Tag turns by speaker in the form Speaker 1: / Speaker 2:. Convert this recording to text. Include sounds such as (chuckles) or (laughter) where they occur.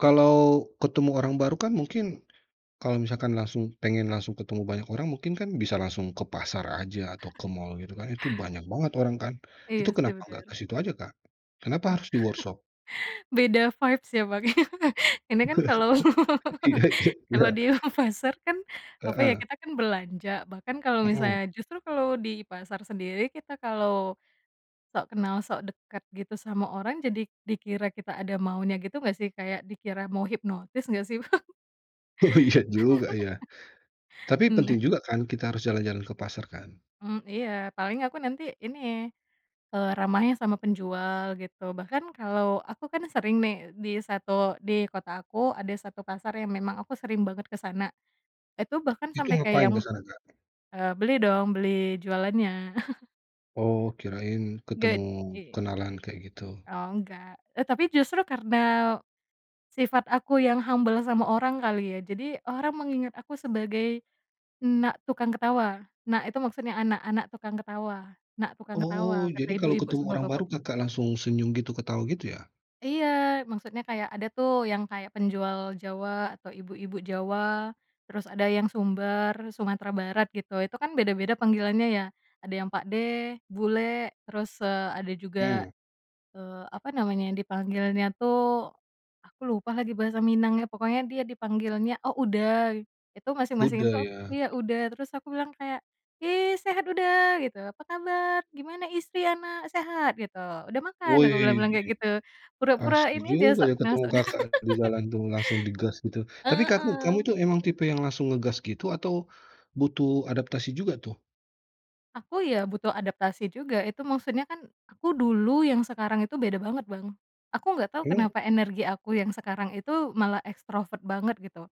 Speaker 1: Kalau ketemu orang baru kan mungkin, kalau misalkan langsung pengen langsung ketemu banyak orang, mungkin kan bisa langsung ke pasar aja atau ke mall gitu kan, itu banyak banget orang kan.
Speaker 2: Iya
Speaker 1: Itu
Speaker 2: sih,
Speaker 1: kenapa nggak
Speaker 2: bener.
Speaker 1: ke situ aja, Kak? Kenapa
Speaker 2: (chuckles)
Speaker 1: harus di workshop?
Speaker 2: Beda vibes ya Bang ya, ini kan kalau
Speaker 1: (laughs) Iya
Speaker 2: (laughs)
Speaker 1: iya iya.
Speaker 2: kalau dia ke pasar kan, apa ya,
Speaker 1: Heeh.
Speaker 2: kita kan belanja bahkan kalau
Speaker 1: Mhm.
Speaker 2: misalnya justru kalau di pasar sendiri, kita kalau sok kenal, sok dekat gitu sama orang, jadi dikira kita ada maunya gitu nggak sih, kayak dikira mau hipnotis nggak sih, Bang?
Speaker 1: Oh, iya juga ya.
Speaker 2: (laughs)
Speaker 1: Tapi
Speaker 2: Nah.
Speaker 1: penting juga kan, kita harus jalan-jalan ke pasar kan?
Speaker 2: Mmm, iya, paling aku nanti ini, eee, ramahnya sama penjual gitu. Bahkan kalau aku kan sering nih di satu di kota aku ada 1 pasar yang memang aku sering banget ke sana. Itu bahkan
Speaker 1: Itu
Speaker 2: sampai kayak
Speaker 1: ngapain
Speaker 2: yang
Speaker 1: ke sana, Kak?
Speaker 2: eee, "Beli dong, beli jualannya." (chuckles)
Speaker 1: Oh, kirain ketemu
Speaker 2: Gak i
Speaker 1: kenalan, kayak gitu.
Speaker 2: Oh, enggak, e tapi justru karena sifat aku yang humble sama orang kali ya. Jadi, orang mengingat aku sebagai "Nak Tukang Ketawa". Nak itu maksudnya anak, anak tukang ketawa, nak tukang
Speaker 1: Oh,
Speaker 2: ketawa kata
Speaker 1: jadi kalau
Speaker 2: ibu-ibu
Speaker 1: ketemu
Speaker 2: sama
Speaker 1: orang
Speaker 2: bapak
Speaker 1: baru, Kakak langsung senyum gitu, ketawa gitu ya?
Speaker 2: Iya, maksudnya kayak ada tuh yang kayak penjual Jawa, atau ibu-ibu Jawa terus ada yang Sumbar, Sumatera Barat gitu, itu kan beda-beda panggilannya ya. Ada yang pakde, bulek, terus, eee, ada juga,
Speaker 1: Mmm.
Speaker 2: eee, apa namanya dipanggilannya tuh aku lupa lagi bahasa Minangnya, pokoknya dia dipanggilnya oh, uda. Itu masing-masing
Speaker 1: Uda
Speaker 2: itu aku
Speaker 1: ya.
Speaker 2: iya uda, terus aku bilang kayak, "Ih, sehat uda?" gitu, "Apa kabar? Gimana istri, anak, sehat?" Gitu, "Udah makan?" Aku
Speaker 1: Wih,
Speaker 2: bilang-bilang kayak gitu,
Speaker 1: asik
Speaker 2: pura-pura ini aja,
Speaker 1: juga
Speaker 2: sok
Speaker 1: ya
Speaker 2: kenal,
Speaker 1: ketemu
Speaker 2: sok dekat.
Speaker 1: Kakak di
Speaker 2: (laughs)
Speaker 1: jalan tuh, langsung digas gitu. Tapi kaku kamu
Speaker 2: Heeh.
Speaker 1: itu emang tipe yang langsung ngegas gitu, atau butuh adaptasi juga tuh?
Speaker 2: Aku ya butuh adaptasi juga, itu maksudnya kan, aku dulu yang sekarang itu beda banget, Bang. Aku nggak tau
Speaker 1: Eee
Speaker 2: kenapa energi aku yang sekarang itu malah ekstrovert banget, gitu.